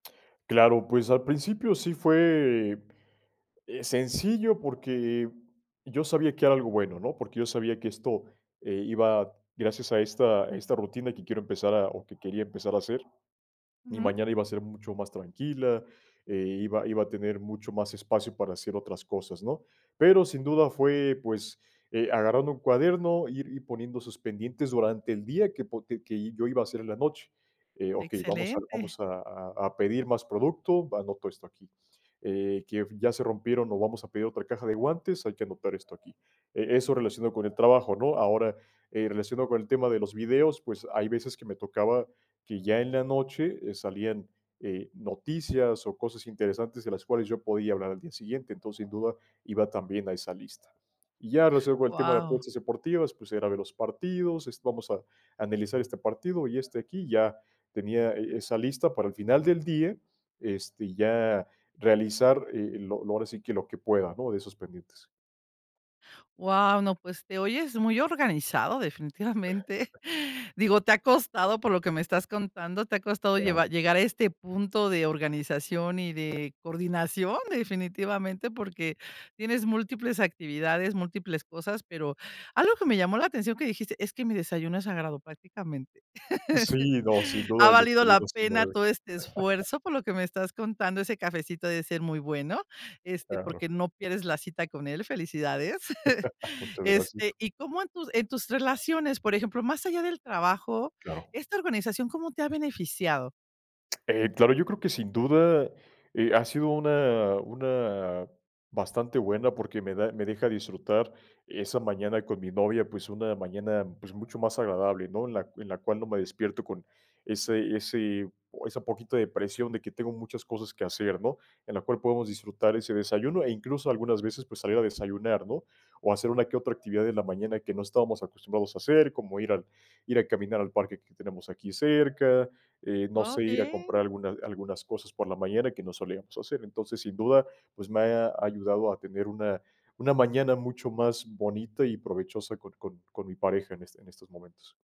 Claro, pues al principio sí fue, eh, sencillo, porque yo sabía que era algo bueno, ¿no? Porque yo sabía que esto, eh, iba gracias a esta a esta rutina que quiero empezar a o que quería empezar a hacer, mi Ujú. mañana iba a ser mucho más tranquila, eh, iba iba a tener mucho más espacio para hacer otras cosas, ¿no? Pero sin duda fue, pues, eh, agarrando un cuaderno, ir ir poniendo esos pendientes durante el día que, po que yo iba a hacer en la noche, eh, okey, vamos a Excelente. vamos a a a pedir más producto, va, anoto esto aquí, eh, que ya se rompieron o vamos a pedir otra caja de guantes, hay que anotar esto aquí, eh, eso relacionado con el trabajo, ¿no? Ahora, eh, relacionado con el tema de los videos, pues hay veces que me tocaba que ya en la noche eh, salían eh, noticias o cosas interesantes de las cuales yo podía hablar al día siguiente, entonces, sin duda iba también a esa lista. Y ya cierro con el tema de Guau. apuestas deportivas, pues era ver los partidos, este, vamos a analizar este partido y este aquí y ya tenía, eh, esa lista para el final del día, este, ya realizar, eh, lo lo, ahora sí que lo que, ¿no? De esos pendientes. Guau, no, pues te oyes muy organizado, definitivamente. Digo, te ha costado, por lo que me estás contando, te ha costado Claro. llevar llegar a este punto de organización y de coordinación, definitivamente, porque tienes múltiples actividades, múltiples cosas, pero algo que me llamó la atención que dijiste es: "Mi desayuno es sagrado, prácticamente". Sí, no, sin Ha duda el valido la desayuno se pena mueve. todo este esfuerzo, por lo que me estás contando, ese cafecito ha de ser muy bueno, este, Claro. porque no pierdes la cita con él, felicidades. Muchas gracias. Este, ¿y cómo, en tus en tus relaciones, por ejemplo, más allá del trabajo, Claro. esta organización cómo te ha beneficiado? Eh, claro, yo creo que sin duda, eh, ha sido una una bastante buena porque me da me deja disfrutar esa mañana con mi novia, pues una mañana, pues mucho más agradable, ¿no? En la en la cual no me despierto con ese ese esa poquito de presión de que tengo muchas cosas que hacer, ¿no? En la cual podemos disfrutar ese desayuno e incluso algunas veces, pues salir a desayunar, ¿no? O hacer una que otra actividad en la mañana que no estábamos acostumbrados a hacer, como ir al ir a caminar al parque que tenemos aquí cerca, eh, no sé, ir a Okey. comprar alguna algunas cosas por la mañana que no solíamos hacer. Entonces, sin duda, pues me ha ayudado a tener una una mañana mucho más bonita y provechosa con con con mi pareja en en estos momentos.